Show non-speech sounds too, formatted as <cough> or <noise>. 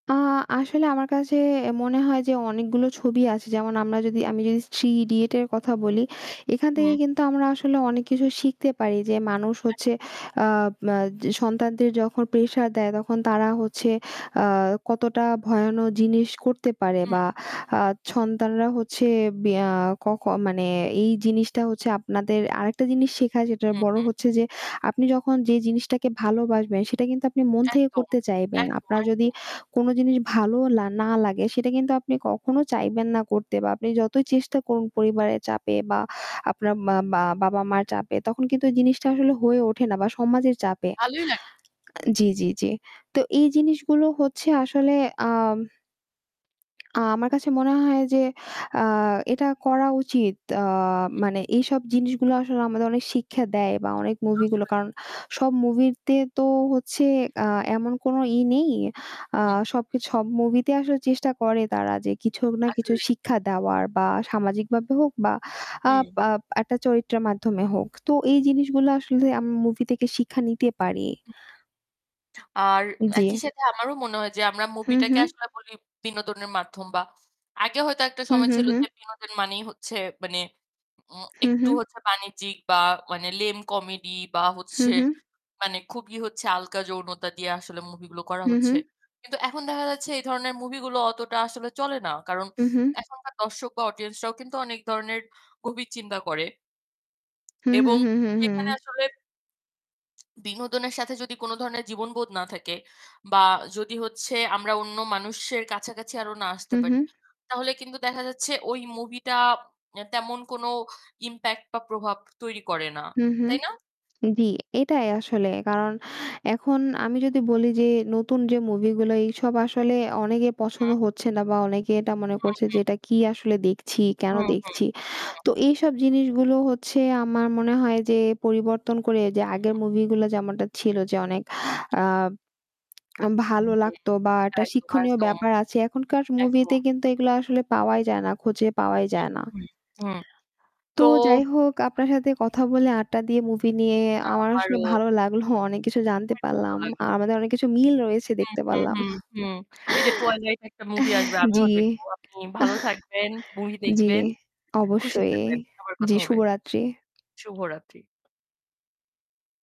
আ আসলে আমার কাছে মনে হয় যে অনেকগুলো ছবি আছে যেমন আমরা যদি আমি যদি '3 Idiots' এর কথা বলি। এখান থেকে হুম। কিন্তু আমরা আসলে অনেক কিছু শিখতে পারি। যে মানুষ হচ্ছে আব আ সন্তানদের যখন প্রেশার দেয়, তখন তারা হচ্ছে হুম। আ কতটা ভয়ানক জিনিস করতে পারে উহু। বা হু, হু। আ সন্তানরা হচ্ছে বেয়া ক ক মানে এই জিনিসটা হচ্ছে আপনাদের আরেকটা জিনিস শেখায় যেটার হু, বড়ো হু। হচ্ছে যে আপনি যখন যে জিনিসটাকে ভালোবাসবেন সেটা কিন্তু আপনি মন থেকে একদম, করতে চাইবেন। একদম, আপনার যদি একদম। কোনো জিনিস ভালোও লা না লাগে, সেটা কিন্তু আপনি কখনো চাইবেন না করতে বা আপনি যতই চেষ্টা করুন পরিবারের চাপে বা আপনার মা মা বাবা-মার চাপে, তখন কিন্তু জিনিসটা আসলে হয়ে ওঠে না বা সমাজের চাপে। ভালোই লা আ জ্বী, জ্বী, জ্বী। তো এই জিনিসগুলো হচ্ছে আসলে আ <smacks lips> আ আমার হুম। কাছে মনে হয় যে আ এটা করা উচিত। আ হু। মানে এইসব জিনিসগুলো আসলে আমাদের অনেক শিক্ষা দেয় বা অনেক মুভিগুলো। আসলে। কারণ সব মুভিরতে তো হচ্ছে আ এমন কোনো ই নেই। আ হুম। সবকে সব মুভিতে আসলে চেষ্টা করে তারা যে কিছু না কিছু আসলেই। শিক্ষা দেওয়ার বা সামাজিকভাবে হোক বা আপ হুম। আ একটা চরিত্রের মাধ্যমে হোক। তো এই জিনিসগুলা আসলে আমরা মুভি থেকে শিক্ষা নিতে পারি হু, হু। আর জ্বী। একই সাথে আমারও মনে হয় যে আমরা হু, হু। মুভিটাকে আসলে বলি বিনোদনের মাধ্যম। বা আগে হয়তো একটা হু, সময় হু, ছিল হু। যে বিনোদন মানেই হচ্ছে মানে উম হু, একটু হু। হচ্ছে বাণিজ্যিক বা মানে lame comedy বা হু, হচ্ছে হু। মানে খুবই হচ্ছে হালকা যৌনতা দিয়ে আসলে মুভি গুলো করা হু, হচ্ছে। হু। কিন্তু এখন দেখা যাচ্ছে এই ধরনের মুভি গুলো অতটা আসলে চলে না। কারণ হু, হু। এখনকার দর্শক বা অডিয়েন্স রাও কিন্তু অনেক ধরনের গভীর চিন্তা করে। হু, হু, এবং হু, সেখানে হু। আসলে বিনোদনের সাথে যদি কোন ধরনের জীবনবোধ না থাকে বা যদি হচ্ছে আমরা অন্য মানুষের কাছাকাছি আরো না হু, আসতে হু। পারি তাহলে, কিন্তু দেখা যাচ্ছে ওই মুভিটা অ্যা তেমন কোনো impact বা প্রভাব তৈরি করে না, হু, হু। তাই না? জি এটাই আসলে। কারণ এখন আমি যদি বলি যে নতুন যে মুভি গুলো, এইসব আসলে অনেকে পছন্দ হুম। হচ্ছে না বা অনেকে এটা মনে হু, করছে যে হু। এটা কি আসলে দেখছি কেন হু, হু, দেখছি? হু। তো এইসব জিনিসগুলো হচ্ছে আমার মনে হয় যে পরিবর্তন করে যে আগের হু। মুভি গুলা যেমনটা ছিল যে অনেক আ <smacks lips> ভালো হুম, লাগতো বা একটা একদম, শিক্ষণীয় একদম, ব্যাপার আছে। এখনকার একদম। মুভিতে কিন্তু এগুলো আসলে পাওয়াই যায় না খুঁজে পাওয়াই হুম, যায় না। <smacks lips> হুম হুম, তো তো যাই হোক আপনার সাথে কথা বলে আড্ডা দিয়ে মুভি নিয়ে আমার সঙ্গে আমারও। ভালো লাগলো অনেক কিছু জানতে খুবই ভালো পারলাম। আর লাগল। আমাদের অনেক কিছু মিল রয়েছে হুম, দেখতে হুম, পারলাম। হুম, হুম। এই যে 'Twilight' একটা মুভি আসবে <chuckles> আমিও জি। দেখব। আপনি ভালো থাকবেন। <chuckles> মুভি জ্বি, দেখবেন, খুশি অবশ্যই। থাকবেন। আবার জি কথা হবে। শুভরাত্রি। শুভরাত্রি।